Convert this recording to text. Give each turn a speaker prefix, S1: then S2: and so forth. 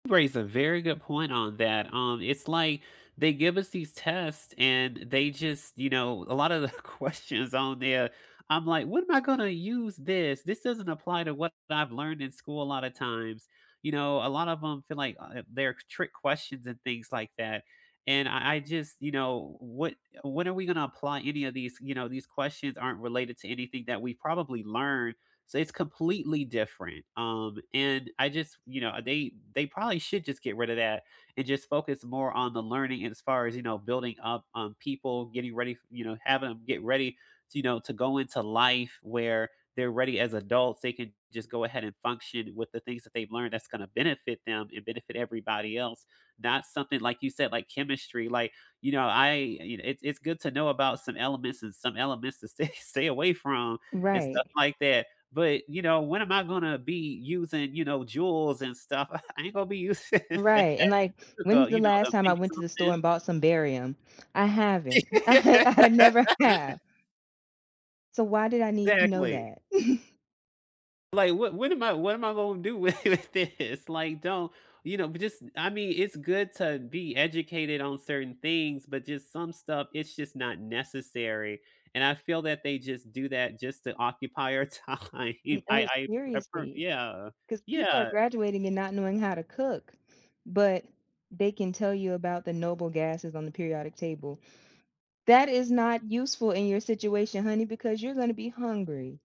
S1: You raise a very good point on that, um, it's, like, they give us these tests and they just, you know, a lot of the questions on there, I'm like, "When am I gonna use this? This doesn't apply to what I've learned in school a lot of times." You know, a lot of 'em feel like, uh, they're trick questions and things like that, and I I just you know, what when are we gonna apply any of these, you know, these questions aren't related to anything that we've probably learned, so it's completely different, um, and I just, you know, they they probably should just get rid of that and just focus more on the learning, and as far as, you know, building up, um, people, getting ready f you know, have 'em get ready to, you know, to go into life, where they're ready as adults, they can just go ahead and function with the things that they've learned that's gonna benefit them and benefit everybody else, not something like you said, like chemistry, like, you know, I you know, it's it's good to know about some elements and some elements to stay stay away from and stuff
S2: Right.
S1: like that. But you know, when am I gonna be using, you know, joules and stuff? I ain't gonna be using that,
S2: Right, and like, when's
S1: [unintelligible]
S2: the
S1: you know,
S2: last
S1: to
S2: time I
S1: make
S2: went to the store
S1: something.
S2: and bought some barium? I haven't. I I never have. So why did I need to know
S1: Exactly.
S2: that?
S1: Like, what when am I what am I gonna do with thi this? Like, don't you know, but just I mean, it's good to be educated on certain things, but just some stuff, it's just not necessary, and I feel that they just do that just to occupy our time. I
S2: No,
S1: I I pref
S2: seriously.
S1: yeah,
S2: 'Cause people are
S1: yeah.
S2: graduating and not knowing how to cook, but they can tell you about the noble gasses on the periodic table. That is not useful in your situation, honey, because you're gonna be hungry.